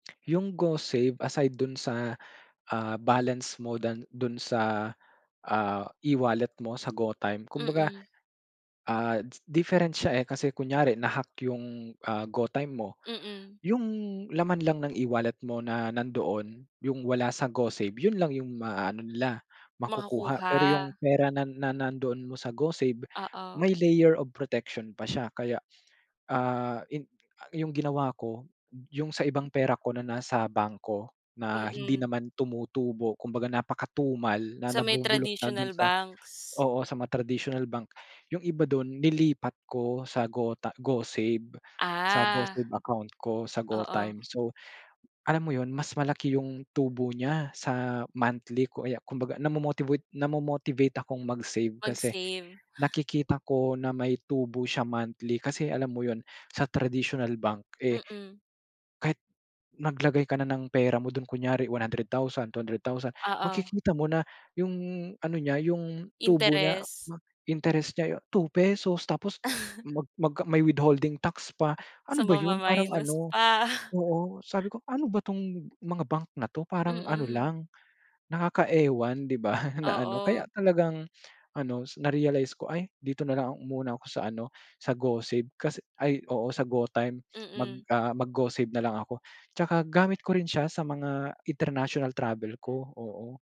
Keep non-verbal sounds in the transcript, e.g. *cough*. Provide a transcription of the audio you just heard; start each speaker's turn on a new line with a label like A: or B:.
A: Yung Go Save, aside dun sa, *gasps* ah, balance mo dan do'n sa, ah, e-wallet mo sa GoTyme. Kumbaga,
B: Mm.
A: ah, different siya, eh, kasi kunyari na-hack yung, ah, GoTyme mo,
B: Mm.
A: yung laman lang ng e-wallet mo na nandoon, yung wala sa Go Save, yun lang yung maa-ano nila, *gasps* makukuha. Pero yung
B: Makakuha.
A: pera na na nandoon mo sa Go Save, *gasps*
B: Oo.
A: may layer of protection pa siya. Kaya, ah, in a yung ginawa ko, yung sa ibang pera ko na nasa bangko na hindi
B: Mm.
A: naman tumutubo, kumbaga napakatumal, na
B: Sa may
A: nabubulok na do'n
B: traditional
A: sa
B: banks?
A: oo sa mga traditional bank. *gasps* Yung iba do'n nilipat ko sa GoTy Go Save. Sa Go
B: Ah.
A: Save account ko, sa GoTyme.
B: Oo.
A: So, *gasps* alam mo yun, mas malaki yung tubo niya sa monthly ko, aya kumbaga namo-motivate namo-motivate akong mag-save kasi
B: Mag-save.
A: *gasps*
B: *gasps*
A: nakikita ko na may tubo siya monthly. Kasi alam mo yun, *gasps* sa traditional bank, eh,
B: Mhm.
A: kahit naglagay ka na ng pera mo do'n, kunyari 100, 000, 200, 000, *gasps*
B: Oo.
A: makikita mo na *gasps* yung ano niya, yung tubo niya
B: Interes.
A: ba interest niya ay ₱2. Tapos
B: *chuckles*
A: mag mag may withholding tax pa. *gasps* Ano
B: So,
A: ba yun, parang
B: mama-minus
A: ano
B: pa. *chuckles*
A: oo.
B: *gasps*
A: Sabi ko, "Ano ba 'tong mga bank na 'to parang ano
B: Mm.
A: lang, *gasps* nakaka-ewan," di ba? *laughs* Na ano,
B: Oo.
A: kaya talagang ano, *gasps* narealize ko, "Ay, dito nalang muna ako sa ano, sa Go Save, kasi ay oo sa GoTyme, mag
B: Mm.
A: ah, mag-Go Save nalang ako." *gasps* Tsaka gamit ko rin siya sa mga international travel ko, oo.